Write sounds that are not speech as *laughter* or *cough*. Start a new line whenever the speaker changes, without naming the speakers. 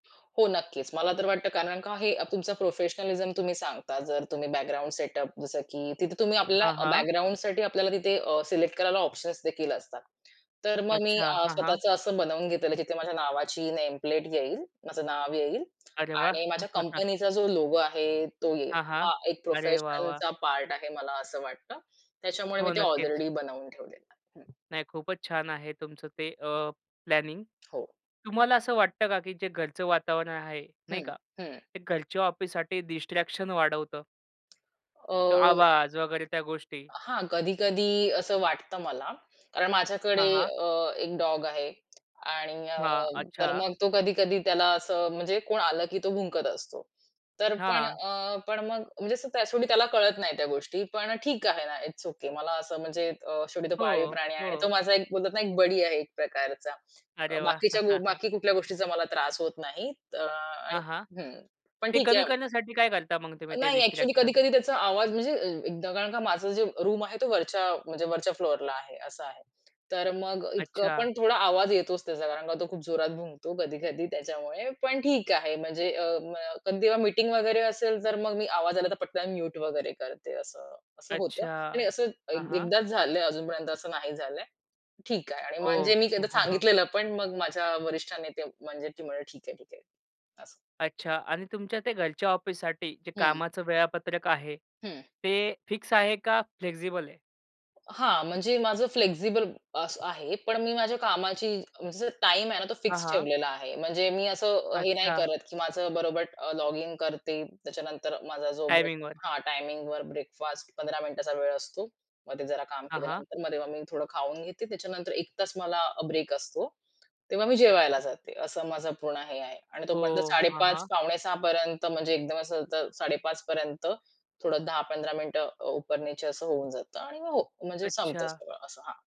हो नक्कीच, मला तर वाटतं कारण का हे तुमचं प्रोफेशनलिझम तुम्ही सांगता जर तुम्ही बॅकग्राऊंड सेटअप, जसं की तिथे तुम्ही आपल्याला
हां, हां.
बॅकग्राऊंडसाठी आपल्याला तिथे अ, सिलेक्ट करायला ऑप्शन्स देखील असतात. तर मग मी
अच्छा.
आ
हां, हां.
स्वतःच असं बनवून घेतलेलं तिथे माझ्या नावाची नेम प्लेट येईल. माझं नाव येईल
अरे वाह!
आणि माझ्या
*chuckles*
कंपनीचा जो लोगो आहे, तो येईल.
हां, हां.
हा एक
अरे वाह! वाह!
प्रोफेशनलचा पार्ट आहे मला असं वाटतं. त्याच्यामुळे मी
हो,
ते
नक्कीच.
ऑलरेडी बनवून ठेवलेलं आहे, हं.
नाही खूपच छान आहे तुमचं ते, अ, प्लॅनिंग.
हो.
तुम्हाला असं वाटतं का की जे घरचं वातावरण आहे, नाही
हं,
का.
हं.
ते घरच्या ऑफिससाठी डिस्ट्रॅक्शन वाढवतं? तो
अ
आवाज वगैरे, त्या गोष्टी.
हां, कधी-कधी असं वाटतं मला. कारण माझ्याकडे
हां, हां.
अ, एक डॉग आहे. आणि अ,
हां,
तर
अच्छा.
मग तो कधी-कधी त्याला असं म्हणजे कोण आलं, की तो भुंकत असतो. तर पण
हां.
अ, पण मग म्हणजे शेवटी त्याला कळत नाही त्या गोष्टी. पण ठीक आहे ना, इट्स ओके मला असं म्हणजे अ, शेवटी तो पाळीव
हो.
प्राणी आहे आणि तो
हो.
माझा एक बोलतात ना, एक बडी आहे एक प्रकारचा.
अरे वाह!
बाकीच्या
*chuckles*
बाकी कुठल्या गोष्टीचा मला त्रास होत नाही, त अ, आणि
हां, हां.
हं, पण
ते
ठीक
कमी
आहे.
करण्यासाठी काय करता मग तुम्ही ते
नाही. Actually
distraction?
कधी-कधी त्याचा आवाज म्हणजे अ, एकदा का माझं जे रूम आहे तो वरच्या म्हणजे वरच्या फ्लोरला आहे, असं आहे. तर मग इतकं
अच्छा.
पण थोडा आवाज येतोच त्याचा कारण का तो खूप जोरात भुंकतो कधी-कधी त्याच्यामुळे. पण ठीक आहे म्हणजे ,अ म कधी जेव्हा मीटिंग वगैरे असेल तर मग मी आवाज आला तर पटकन म्यूट वगैरे करते असं, असं होतं. आणि
अच्छा.
असं
हां,
एक
हां.
एकदाच झालंय, अजूनपर्यंत असं नाही झालंय. ठीक आहे आणि म्हणजे
ओह.
मी
हं,
एकदा
हां, हां.
सांगितलेलं पण मग माझ्या वरिष्ठाना ते म्हणजे ती म्हणाले "ठीक आहे, ठीक आहे" असं.
अच्छा आणि तुमच्या ते घरच्या ऑफिससाठी, जे
हं.
कामाचं वेळापत्रक आहे,
हं.
ते फिक्स आहे का फ्लेक्सिबल आहे?
हां, म्हणजे माझं फ्लेक्सिबल अस आहे. पण मी माझ्या कामाची म्हणजे टाईम आहे ना, तो
हां,
फिक्स
हां.
ठेवलेला आहे. म्हणजे मी असं अ, हे नाही
अच्छा.
करत, की माझं बरोबर अ, लॉगिन करते. त्याच्यानंतर माझा जो ब्रेक
टाईमिंगवर.
हां टाईमिंगवर ब्रेकफास्ट 15 मिनिटाचा वेळ असतो. मध्ये जरा काम
हां, हां.
केल्यानंतर मग मी थोडं खाऊन घेते त्याच्यानंतर. 1 तास मला अ, ब्रेक असतो. तेव्हा मी जेवायला जाते. असं माझं पूर्ण हे आहे. आणि तो बंद
ओह!
साडे
हां, हां.
पाच-पावणे सहापर्यंत म्हणजे एकदम असं तर 05:30 पर्यंत थोडं 10-15 मिनिटं अ, उपर नीचे असं होऊन जातं आणि मग हो, म्हणजे संपत
अच्छा.
सगळं असं हां.